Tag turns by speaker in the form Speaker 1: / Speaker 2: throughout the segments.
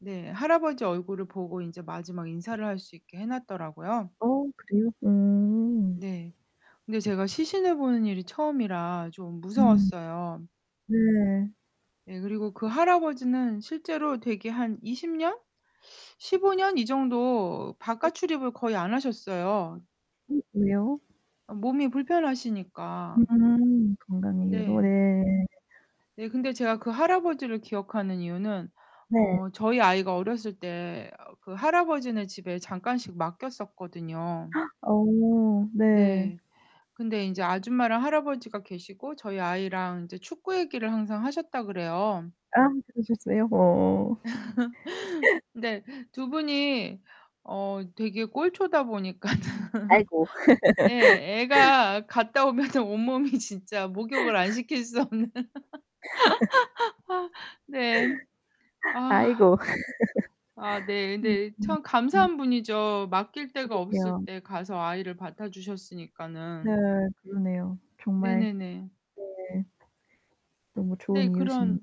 Speaker 1: 네, 할아버지 얼굴을 보고 인제 마지막 인사를 할 수 있게 해놨더라고요.
Speaker 2: 어 그래요? 음.
Speaker 1: 네. 근데 제가 시신을 보는 일이 처음이라 좀
Speaker 2: 음.
Speaker 1: 무서웠어요.
Speaker 2: 네.
Speaker 1: 네, 그리고 그 할아버지는 실제로 대개 한 20 년? 15 년 이 정도
Speaker 2: 네.
Speaker 1: 바깥 출입을 거의 안 하셨어요.
Speaker 2: 음, 왜요?
Speaker 1: 어 몸이 불편하시니까.
Speaker 2: 음 건강 이유로
Speaker 1: 네.
Speaker 2: 네.
Speaker 1: 네, 근데 제가 그 할아버지를 기억하는 이유는
Speaker 2: 네.
Speaker 1: 어 저희 아이가 어렸을 때 어 그 할아버지네 집에 잠깐씩 맡겼었거든요.
Speaker 2: 어 네.
Speaker 1: 네. 근데 인제 아줌마랑 할아버지가 계시고 저희 아이랑 이제 축구 얘기를 항상 하셨다 그래요.
Speaker 2: 아 그러셨어요? 어.
Speaker 1: 근데 2 분이 어 되게 꼴초다 보니까는.
Speaker 2: 아이고.
Speaker 1: 예 애가 갔다 오면은 온몸이 진짜 목욕을 안 시킬 수 없는. 네. 아.
Speaker 2: 아이고.
Speaker 1: 아 네.
Speaker 2: 음,
Speaker 1: 근데
Speaker 2: 음,
Speaker 1: 참
Speaker 2: 음.
Speaker 1: 감사한 분이죠. 맡길 데가 없을
Speaker 2: 그러게요.
Speaker 1: 때 가서 아이를
Speaker 2: 네.
Speaker 1: 맡아주셨으니까는.
Speaker 2: 그러네요. 정말.
Speaker 1: 네네네.
Speaker 2: 네. 너무
Speaker 1: 네,
Speaker 2: 좋은 이웃이네요.
Speaker 1: 그런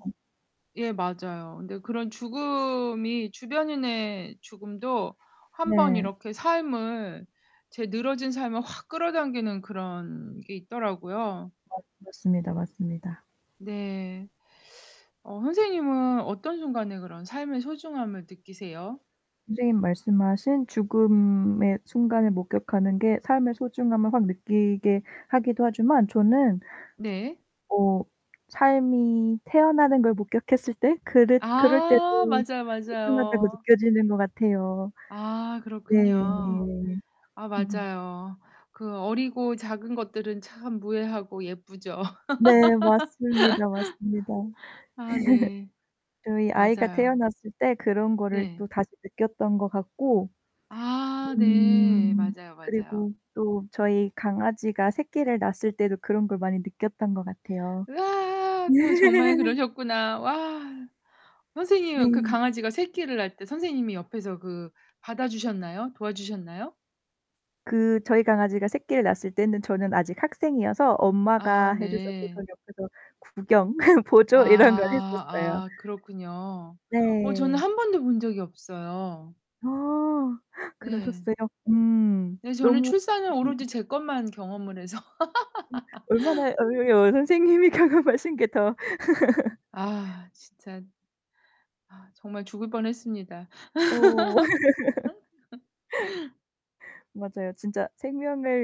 Speaker 1: 예, 맞아요. 근데 그런 죽음이 주변인의 죽음도 한번
Speaker 2: 네.
Speaker 1: 이렇게 삶을 제 늘어진 삶을 확 끌어당기는 그런 게 있더라고요.
Speaker 2: 맞 맞습니다, 맞습니다.
Speaker 1: 네. 어 선생님은 어떤 순간에 그런 삶의 소중함을 느끼세요?
Speaker 2: 선생님 말씀하신 죽음의 순간을 목격하는 게 삶의 소중함을 확 느끼게 하기도 하지만 저는
Speaker 1: 네.
Speaker 2: 어 삶이 태어나는 걸 목격했을 때 그랬 그럴 때도
Speaker 1: 아 맞아요,
Speaker 2: 소중하다고
Speaker 1: 맞아요.
Speaker 2: 느껴지는 것 같아요.
Speaker 1: 아,
Speaker 2: 네.
Speaker 1: 그렇군요. 아,
Speaker 2: 음.
Speaker 1: 맞아요. 그 어리고 작은 것들은 참 무해하고 예쁘죠.
Speaker 2: 네, 맞습니다. 맞습니다.
Speaker 1: 아 네.
Speaker 2: 저희 아이가
Speaker 1: 맞아요.
Speaker 2: 태어났을 때 그런 거를
Speaker 1: 네.
Speaker 2: 또 다시 느꼈던 것 같고.
Speaker 1: 아 네.
Speaker 2: 음
Speaker 1: 맞아요, 맞아요.
Speaker 2: 그리고 또 저희 강아지가 새끼를 낳았을 때도 그런 걸 많이 느꼈던 것 같아요.
Speaker 1: 으아. 그럼 정말 그러셨구나. 와. 선생님은 그
Speaker 2: 네.
Speaker 1: 강아지가 새끼를 낳을 때 선생님이 옆에서 그 받아주셨나요? 도와주셨나요?
Speaker 2: 그 저희 강아지가 새끼를 낳았을 때는 저는 아직 학생이어서
Speaker 1: 아
Speaker 2: 엄마가 해주셨고 저는
Speaker 1: 네.
Speaker 2: 옆에서 구경 보조 이런 걸
Speaker 1: 아.
Speaker 2: 했었어요.
Speaker 1: 아 그렇군요. 어 저는
Speaker 2: 네.
Speaker 1: 1 번도 본 적이 없어요.
Speaker 2: 아.
Speaker 1: 네.
Speaker 2: 그러셨어요? 음
Speaker 1: 네, 저는
Speaker 2: 너무
Speaker 1: 출산은 오로지
Speaker 2: 멋있는데요.
Speaker 1: 제 것만 경험을 해서.
Speaker 2: 음 얼마나 어 선생님이 경험하신 게 더.
Speaker 1: 아 진짜. 아 정말 죽을 뻔 했습니다.
Speaker 2: 어. 맞아요. 진짜 생명을